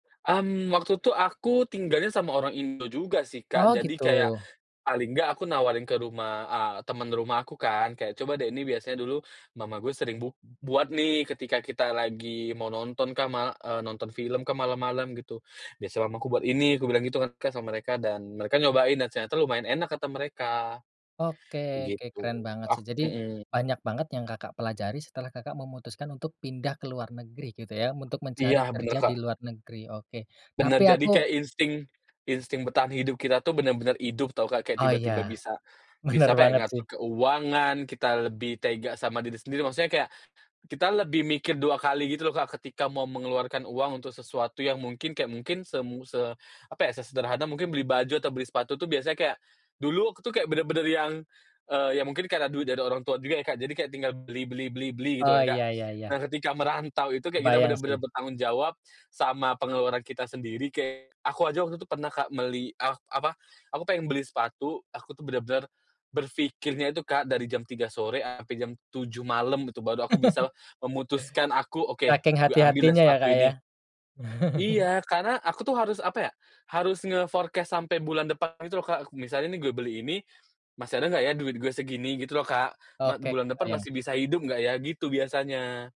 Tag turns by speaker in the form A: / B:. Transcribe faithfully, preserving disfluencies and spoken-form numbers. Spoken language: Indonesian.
A: Mmm, waktu tuh aku tinggalnya sama orang Indo juga sih, Kak.
B: Oh,
A: Jadi kayak,
B: gitu?
A: paling enggak aku nawarin ke rumah eee, temen rumah aku kan, kayak, "Coba deh, ini biasanya dulu mama gue sering bu buat nih, ketika kita lagi mau nonton kan, ma," eee, "nonton film kah, malam-malam," gitu. "Biasa mamaku buat ini," aku bilang gitu kan kan, sama mereka, dan mereka nyobain, dan ternyata, lumayan enak kata mereka,
B: Oke oke
A: gitu.
B: keren banget
A: Oh
B: sih. Jadi,
A: mhm.
B: banyak banget yang Kakak pelajari, setelah Kakak memutuskan untuk pindah ke luar negeri, gitu ya, untuk
A: Iya,
B: mencari
A: benar
B: kerja
A: Kak.
B: di luar negeri? Oke,
A: Benar.
B: tapi
A: Jadi
B: aku
A: kayak insting insting bertahan hidup kita tuh, benar-benar hidup tahu Kak, kayak,
B: Oh, iya.
A: tiba-tiba bisa
B: Benar
A: bisa, apa ya,
B: banget sih.
A: ngatur keuangan, kita lebih tega sama diri sendiri. Maksudnya kayak, kita lebih mikir dua kali, gitu loh Kak, ketika mau mengeluarkan uang untuk sesuatu yang mungkin kayak mungkin semu se apa ya, se sederhana, mungkin beli baju, atau beli sepatu tuh, biasanya kayak, dulu waktu kayak, benar-benar yang, eee, iya mungkin karena duit dari orang tua juga ya Kak, jadi kayak tinggal beli beli beli beli, gitu
B: Oh,
A: kan Kak.
B: iya iya iya.
A: Nah, ketika merantau itu, kita kayak
B: Kebayang
A: benar-benar
B: sih.
A: bertanggung jawab sama pengeluaran kita sendiri, kayak, aku aja waktu itu pernah Kak, meli ak apa, aku pengen beli sepatu, aku tuh benar-benar, berpikirnya itu Kak, dari jam tiga sore sampai jam tujuh malam, gitu, baru aku bisa memutuskan aku, "Oke,
B: Saking
A: gue ambil ya,
B: hati-hatinya ya,
A: sepatu
B: Kak, ya?
A: ini." Iya! Karena, aku tuh, harus, apa ya, harus nge-forecast sampai bulan depan gitu loh, Kak, misalnya nih, "Gue beli ini, masih ada nggak ya duit, gue, segini?" gitu loh Kak, "Mat
B: Oke,
A: bulan depan
B: kebayang.
A: masih bisa hidup nggak ya?" gitu, biasanya.